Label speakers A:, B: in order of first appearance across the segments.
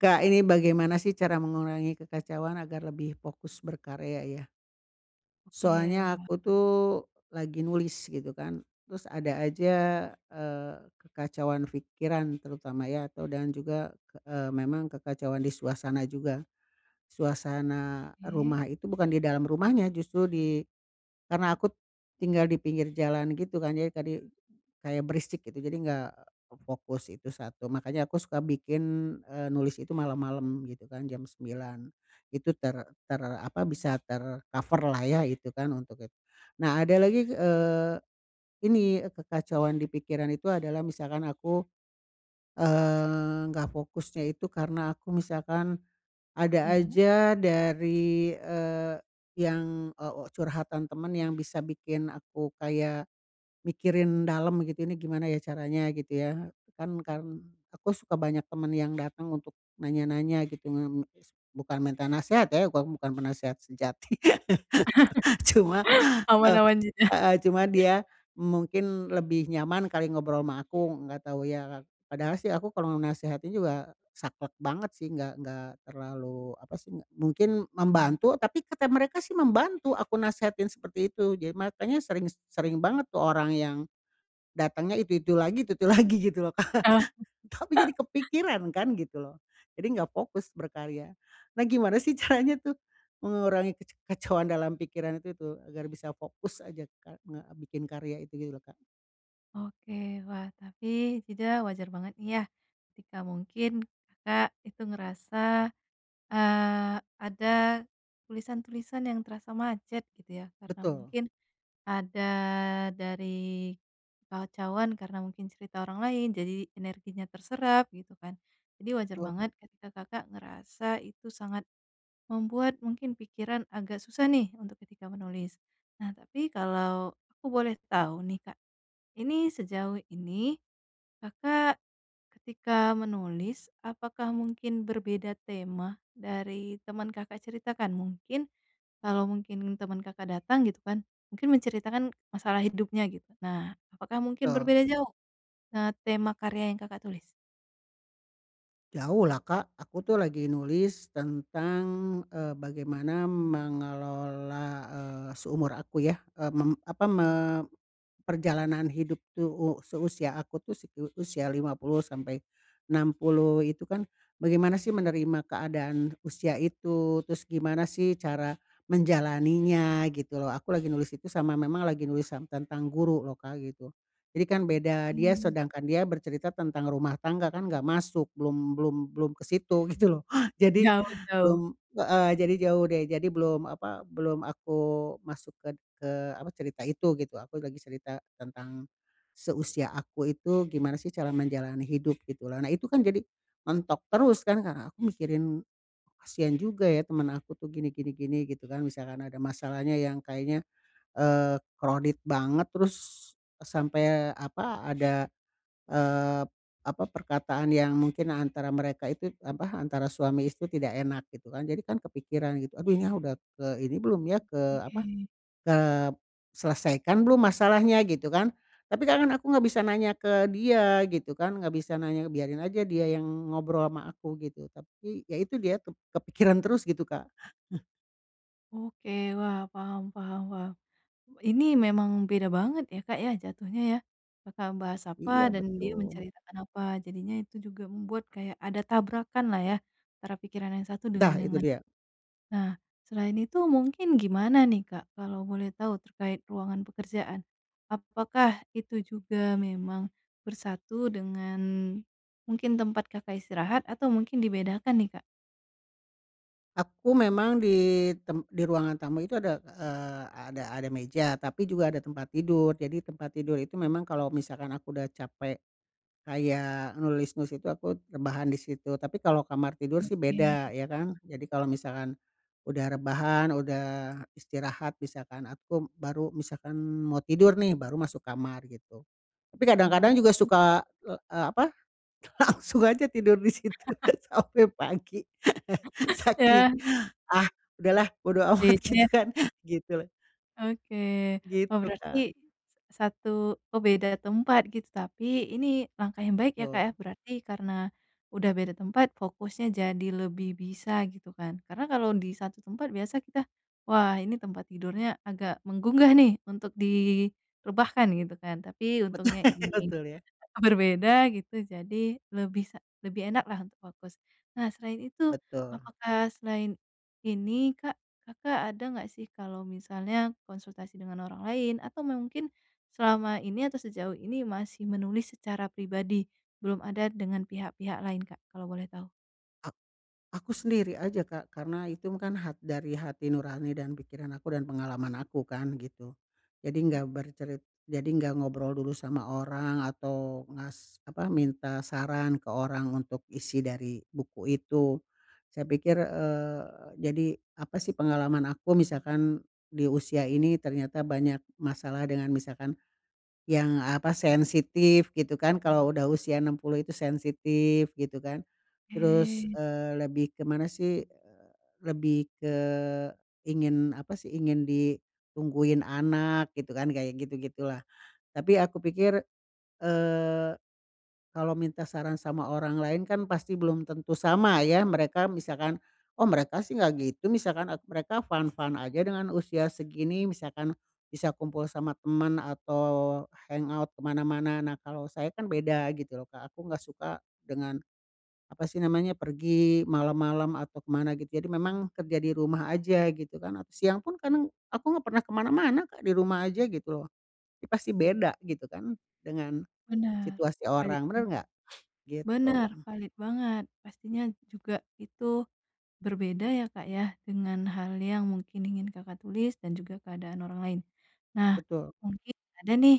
A: Kak, ini bagaimana sih, cara mengurangi kekacauan, agar lebih fokus berkarya, ya?
B: Oke,
A: Soalnya
B: wah.
A: aku, tuh, lagi nulis, gitu kan. Terus ada aja, eee, kekacauan fikiran, terutama, ya, atau dan juga k eee, memang kekacauan di suasana juga. Suasana
B: Oke.
A: rumah itu, bukan di dalam rumahnya, justru di karena aku tinggal di pinggir jalan, gitu kan, jadi kadi kayak berisik, gitu. Jadi nggak fokus. Itu satu. Makanya aku suka bikin, eee, nulis itu malam-malam, gitu kan, jam 9 Itu ter ter, apa, bisa ter-coverlah ya, itu kan, untuk itu. Nah, ada lagi g eee, ini, eee, kekacauan di pikiran itu adalah misalkan aku, eee, nggak fokusnya itu karena aku misalkan, ada
B: Iya.
A: aja dari, eee, yang, eee, o, curhatan teman yang bisa bikin aku kayak mikirin dalam, gitu, "Ini gimana, ya, caranya," gitu, ya. Kan karen aku suka banyak teman yang datang untuk nanya-nanya, gitu. Ngem se bukan menta nasehat, ya, kau aku bukan penasehat sejati. Cuma, eee,
B: Aman-aman, Jidah.
A: heeh, cuma dia, mungkin lebih nyaman kali, ngobrol ama aku. Nggak tahu, ya. Padahal sih aku kalau nasehatin juga saklek banget, sih. Nggak nggak terlalu, apa sih, nggak mungkin membantu, tapi kata mereka sih, membantu, aku nasehatin seperti itu. Jad makanya sering, s sering banget tuh orang yang, datangnya itu-itu lagi, itu-itu lagi, gitu loh, Kak.
B: Oh.
A: Tapi jadi kepikiran, kan, gitu loh. Jadi nggak fokus berkarya. Nah, gimana sih, caranya tuh, mengurangi kec kacauan dalam pikiran itu tuh, agar bisa fokus aja kar ngebikin karya itu, gitu loh, Kak.
B: Oke. Wah, tapi, Jidah, wajar banget, nih, ya, ketika mungkin, Kakak itu ngerasa, eee, ada tulisan-tulisan yang terasa macet, gitu, ya, karena
A: Betul.
B: mungkin ada dari kekacauan, karena mungkin cerita orang lain, jadi energinya terserap, gitu kan. Jadi wajar
A: Betul, Kak.
B: banget, ketika Kakak ngerasa itu sangat membuat mungkin pikiran agak susah, nih, untuk ketika menulis. Nah, tapi, kalau aku boleh tahu, nih, Kak. Ini, sejauh ini, Kakak ketika menulis, apakah mungkin berbeda tema, dari teman Kakak ceritakan? Mungkin, kalau mungkin teman Kakak datang, gitu kan, mungkin menceritakan masalah hidupnya, gitu. Nah, apakah mungkin
A: Betul.
B: berbeda jauh, eee, tema karya yang Kakak tulis?
A: Jauhlah, Kak. Aku tuh lagi nulis tentang, eee, bagaimana mengelola, eee, seumur aku, ya, eee, mem apa, me perjalanan hidup tuh, u seusia aku tuh, se usia 50 sampai 60 itu, kan, bagaimana sih menerima keadaan usia itu, terus gimana sih cara menjalaninya, gitu loh. Aku lagi nulis itu, sama memang lagi nulis yang tentang guru, loh Kak, gitu. Jadi, kan beda. Dia,
B: Oke.
A: sedangkan dia bercerita tentang rumah tangga, kan nggak masuk, belum belum belum ke situ, gitu loh. Jadi,
B: Jauh jauh.
A: belum heeh, jadi jauh deh. Jadi belum, apa, belum aku masuk ked ke, apa, cerita itu, gitu. Aku lagi cerita tentang, seusia aku itu, gimana sih, cara menjalani hidup, gitulah. Nah, itu kan jadi, mentok terus kan, karena aku mikirin, kasihan juga ya, teman aku tuh, gini gini gini, gitu kan. Misalkan ada masalahnya yang kayaknya, eee, crowded banget, terus, sampai apa, ada, eee, apa, perkataan yang mungkin antara mereka itu, apa, antara suami istri tidak enak, gitu kan. Jadi kan kepikiran, gitu. Aduh nyah, udah ke ini belum, ya, ke, apa,
B: Oke.
A: kep selesaikan belum, masalahnya, gitu kan. Tapi, Kak, kan aku nggak bisa nanya ke dia, gitu kan. Nggak bisa nanya, biarin aja dia yang ngobrol ama aku, gitu. Tapi, ya itu dia, kep kepikiran terus, gitu, Kak.
B: Oke, wah, paham paham paham. Ini memang beda banget, ya Kak, ya, jatuhnya ya. Kakak membahas apa,
A: Iya,
B: dan dia
A: betul.
B: menceritakan apa, jadinya itu juga membuat kayak ada tabrakanlah ya, antara pikiran yang satu dengan
A: Dah,
B: yang
A: itu
B: lain.
A: dia.
B: Nah, selain itu, mungkin gimana nih, Kak, kalau boleh tahu, terkait ruangan pekerjaan? Apakah itu juga memang bersatu dengan, mungkin tempat Kakak istirahat, atau mungkin dibedakan nih, Kak?
A: Aku memang ditem di ruangan tamu itu ada k eee, ada ada meja, tapi juga ada tempat tidur. Jadi tempat tidur itu, memang, kalau misalkan aku udah capek kayak nulis-nulis itu, aku rebahan di situ. Tapi kalau kamar tidur sih,
B: Oke.
A: beda, ya kan. Jadi kalau misalkan udah rebahan, udah istirahat, misalkan aku, baru misalkan mau tidur nih, baru masuk kamar, gitu. Tapi kadang-kadang juga
B: Oh.
A: suka l eee, apa, langsung aja tidur di situ, sampai pagi. Saking,
B: Ya.
A: "Ah, udahlah, bodo amat!"
B: Beda,
A: gitu,
B: ya?
A: kan. Gitu lho.
B: Oke. Wah,
A: Gitu, Kak.
B: berarti s satu oh beda tempat, gitu. Tapi, ini langkah yang baik, ya Kak,
A: Betul.
B: ya, berarti. Karena, udah beda tempat, fokusnya jadi lebih bisa, gitu kan. Karena kalau di satu tempat, biasa kita, "Wah, ini tempat tidurnya agak menggugah, nih, untuk direbahkan," gitu kan. Tapi,
A: Betul.
B: untungnya ini
A: Betul, ya.
B: berbeda, gitu, jadi lebih sa lebih enaklah untuk fokus. Nah, selain itu,
A: Betul.
B: apakah, selain ini Kak, Kakak ada nggak sih, kalau misalnya konsultasi dengan orang lain, atau mungkin, selama ini atau sejauh ini, masih menulis secara pribadi, belum ada dengan pihak-pihak lain, Kak, kalau boleh tahu?
A: Ak aku sendiri aja, Kak. Karena itu kan hat dari hati nurani dan pikiran aku dan pengalaman aku kan, gitu. Jadi
B: Ok.
A: nggak bercerit jadi nggak ngobrol dulu sama orang atau ngas apa, minta saran ke orang untuk isi dari buku itu. Saya pikir, eee, jadi, apa sih pengalaman aku, misalkan, di usia ini ternyata banyak masalah dengan misalkan yang, apa, sensitif, gitu kan. Kalau udah usia 60 itu sensitif, gitu kan. Terus,
B: Oke.
A: eee, lebih ke mana sih, eee, lebih ke, ingin, apa sih, ingin ditungguin anak, gitu kan, kayak gitu-gitulah. Tapi aku pikir, eee, kalau minta saran sama orang lain, kan, pasti belum tentu sama ya, mereka. Misalkan, oh mereka sih nggak gitu, misalkan, at mereka fine-fine aja dengan usia segini, misalkan. Bisa kumpul sama teman atau hangout ke mana-mana. Nah, kalau saya kan beda, gitu loh, Kak. Aku nggak suka dengan, apa sih namanya, pergi malam-malam atau ke mana, gitu. Jadi memang, kerja di rumah aja, gitu kan. At siang pun, kadang aku nggak pernah ke mana-mana, Kak. Di rumah aja, gitu loh. Ya pasti beda, gitu kan, dengan
B: Benar,
A: situasi
B: valid,
A: orang. Benar nggak? Gitu.
B: Benar, valid banget. Pastinya juga itu berbeda, ya Kak, ya, dengan hal yang mungkin ingin Kakak tulis, dan juga keadaan orang lain. Nah,
A: Betul.
B: mungkin ada nih,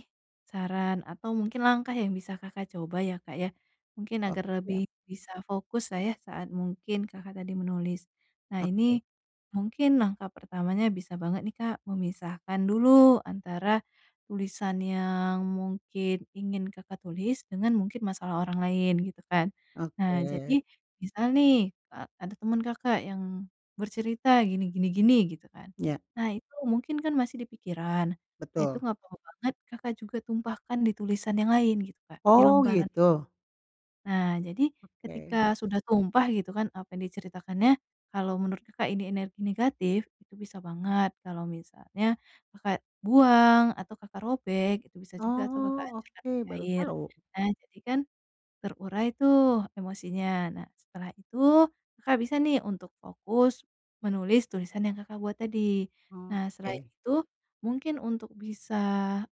B: saran atau mungkin langkah yang bisa Kakak coba, ya Kak, ya. Mungkin
A: Oh,
B: agar
A: siap.
B: lebih bisa fokuslah ya, saat mungkin Kakak tadi menulis. Nah
A: Oke.
B: ini, mungkin langkah pertamanya, bisa banget nih, Kak, memisahkan dulu, antara tulisan yang mungkin ingin Kakak tulis, dengan mungkin masalah orang lain, gitu kan. Nah jadi,
A: Oke.
B: misal nih, a ada teman Kakak yang bercerita, gini gini gini gitu, kan.
A: Ya.
B: Nah, itu mungkin kan, masih di pikiran. Nah, itu
A: Betul.
B: nggak apa-apa banget, Kakak juga tumpahkan di tulisan yang lain, gitu Kak. Di
A: Oh,
B: lembaran.
A: gitu?
B: Nah, jadi,
A: Oke.
B: ketika sudah tumpah, gitu kan, apa yang diceritakannya, kalau menurut Kakak ini energi negatif, itu bisa banget kalau misalnya Kakak buang, atau Kakak robek, itu bisa juga, atau Kakak
A: Oh,
B: hancurkan
A: oke.
B: pakai
A: Baru
B: air.
A: tahu.
B: Nah, jadi kan, terurai tuh, emosinya. Nah, setelah itu, Kakak bisa nih, untuk fokus menulis tulisan yang Kakak buat tadi. Nah, selain
A: Oke.
B: itu, mungkin untuk bisa,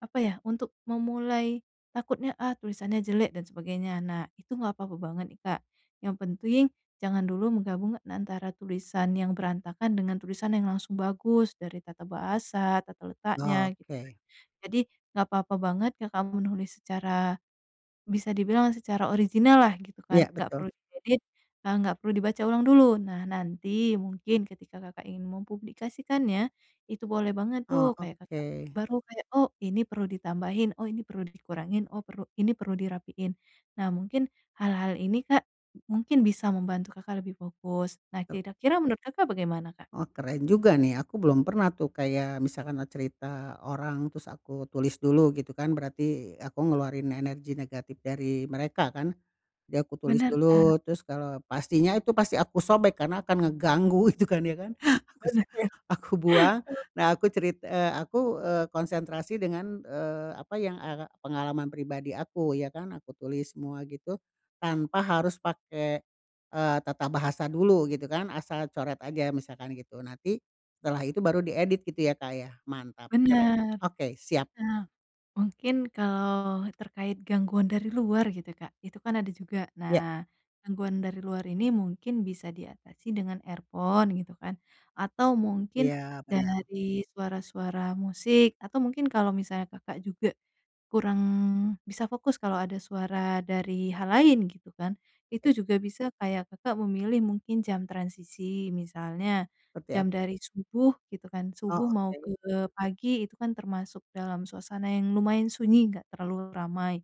B: apa ya, untuk memulai, "Takutnya, ah, tulisannya jelek," dan sebagainya, nah, itu nggak apa-apa banget, nih, Kak. Yang penting, jangan dulu menggabung, antara tulisan yang berantakan dengan tulisan yang langsung bagus, dari tata bahasa, tata
A: Oh,
B: letaknya, gitu kan.
A: oke.
B: Jadi, nggak apa-apa banget, Kakak menulis secara, bisa dibilang secara original lah, gitu
A: Ya,
B: kan. Nggak
A: betul.
B: perlu diedit, nah, nggak perlu dibaca ulang dulu. Nah, nanti, mungkin ketika Kakak ingin mempublikasikannya, itu boleh banget
A: Oh,
B: tuh, kayak Kakak,
A: oke.
B: baru kayak, "Oh, ini perlu ditambahin, oh ini perlu dikurangin, oh perlu ini perlu dirapiin." Nah, mungkin, hal-hal ini, Kak, mungkin bisa membantu Kakak lebih fokus. Nah,
A: Tul.
B: kira-kira menurut Kakak bagaimana, Kak?
A: Oh, keren juga, nih, aku belum pernah tuh, kayak, misal karena cerita orang, terus aku tulis dulu, gitu kan. Berarti, aku ngeluarin energi negatif dari mereka, kan. Ya aku tulis
B: Benar, Kak.
A: dulu, terus kalau pastinya itu pasti aku sobek, karena akan ngeganggu, itu kan, ya kan? Aku so
B: Benar
A: aku buang,
B: benar. Betul.
A: nah aku cerit eee, aku, eee, konsentrasi dengan, eee, apa yang, eee, pengalaman pribadi aku, ya kan? Aku tulis semua gitu, tanpa harus pakai, eee, tata bahasa dulu, gitu kan? Asal coret aja, misalkan gitu. Nanti, setelah itu baru diedit, gitu, ya Kak, ya? Mantap, keren.
B: Benar.
A: Oke, siap.
B: Nah, mungkin kalau terkait gangguan dari luar, gitu, Kak. Itu kan ada juga.
A: Ya.
B: Nah, gangguan dari luar ini mungkin bisa diatasi dengan earphone, gitu kan. Atau mungkin,
A: Iya, benar.
B: dari suara-suara musik. Atau mungkin kalau misalnya Kakak juga kurang bisa fokus, kalau ada suara dari hal lain, gitu kan,
A: E
B: itu juga bisa kayak Kakak memilih mungkin jam transisi, misalnya
A: Seperti
B: jam
A: ap
B: dari subuh, gitu kan.
A: Oh,
B: Subuh mau ke
A: oke.
B: pagi itu kan termasuk dalam suasana yang lumayan sunyi, nggak terlalu ramai.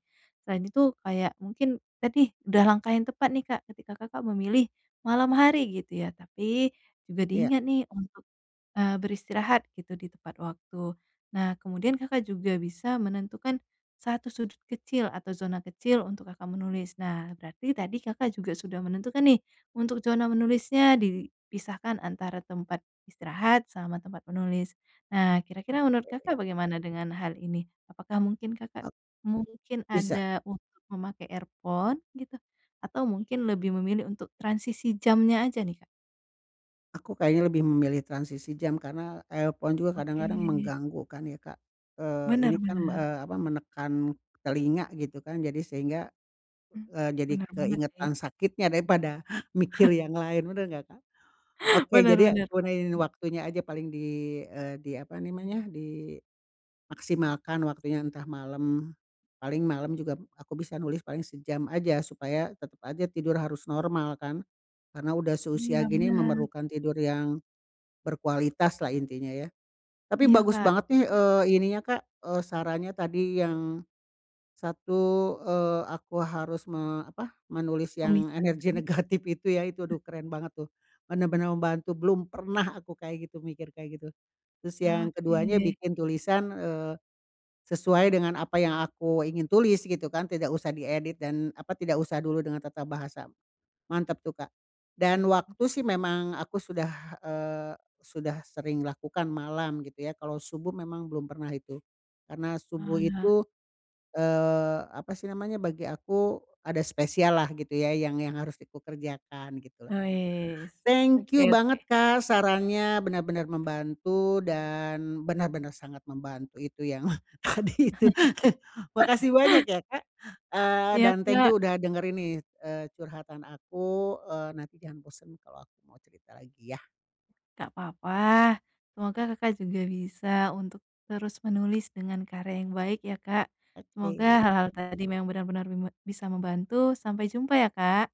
B: Selain itu kayak, mungkin tadi udah langkah yang tepat, nih, Kak, ketika Kakak memilih malam hari, gitu ya. Tapi juga
A: Iya.
B: diingat, nih, untuk, eee, beristirahat, gitu, di tepat waktu. Nah, kemudian Kakak juga bisa menentukan satu sudut kecil atau zona kecil untuk Kakak menulis. Nah, berarti tadi Kakak juga sudah menentukan, nih, untuk zona menulisnya dipisahkan, antara tempat istirahat, sama tempat menulis. Nah, kira-kira, menurut
A: Oke.
B: Kakak, bagaimana dengan hal ini? Apakah mungkin Kakak
A: Ok
B: mungkin
A: Bisa.
B: ada untuk memakai earphone, gitu? Atau mungkin lebih memilih untuk transisi jamnya aja, nih, Kak?
A: Aku kayaknya lebih memilih transisi jam, karena earphone juga kadang-kadang
B: Oke.
A: mengganggu, kan, ya Kak. Eee,
B: Benar
A: ini kan, b
B: benar.
A: eee, apa, menekan telinga gitu kan, jadi sehingga,
B: Mmm,
A: eee, jadi
B: benar banget, sih.
A: keingetan sakitnya daripada mikir yang lain, benar nggak Kak? Oke,
B: Benar
A: jadi,
B: benar,
A: aku iniin
B: Kak.
A: waktunya aja, paling, di eee, di, apa namanya, dimaksimalkan waktunya, entah malam. Paling malam juga aku bisa nulis paling sejam aja, supaya tetap aja tidur harus normal, kan. Karena udah seusia
B: Iya,
A: gini,
B: benar.
A: memerlukan tidur yang berkualitaslah, intinya ya. Tapi
B: Iya,
A: bagus
B: Kak.
A: banget nih, eee, ininya Kak, eee, sarannya tadi yang, satu, eee, aku harus me apa, menulis yang energi
B: Memisahkan.
A: negatif itu, ya. Itu,
B: Eh
A: aduh, keren banget, tuh. Benar-benar membantu. Belum pernah aku kayak gitu, mikir kayak gitu. Terus
B: Ah,
A: yang keduanya,
B: oke.
A: bikin tulisan, eee, sesuai dengan apa yang aku ingin tulis, gitu kan, tidak usah diedit dan, apa, tidak usah dulu dengan tata bahasa. Mantap tuh, Kak! Dan, waktu sih, memang aku sudah, eee, sudah sering lakukan malam, gitu ya. Kalau subuh memang belum pernah, itu. Karena subuh
B: Wah.
A: itu, eee, apa sih namanya, bagi aku, ada spesial lah, gitu ya, yang yang harus di kukerjakan, gitulah.
B: Wes.
A: Thank you
B: Oke
A: banget,
B: oke.
A: Kak, sarannya. Benar-benar membantu dan benar-benar sangat membantu, itu yang tadi itu. Makasih banyak ya, Kak! Eee,
B: Iya,
A: dan thank
B: Kak.
A: you udah dengarin nih, eee, curhatan aku. Eee, nanti jangan bosan, kalau aku mau cerita lagi, ya.
B: Nggak apa-apa. Semoga Kakak juga bisa untuk terus menulis, dengan karya yang baik, ya, Kak. Semoga
A: Oke.
B: hal-hal tadi memang benar-benar bime bisa membantu. Sampai jumpa, ya, Kak.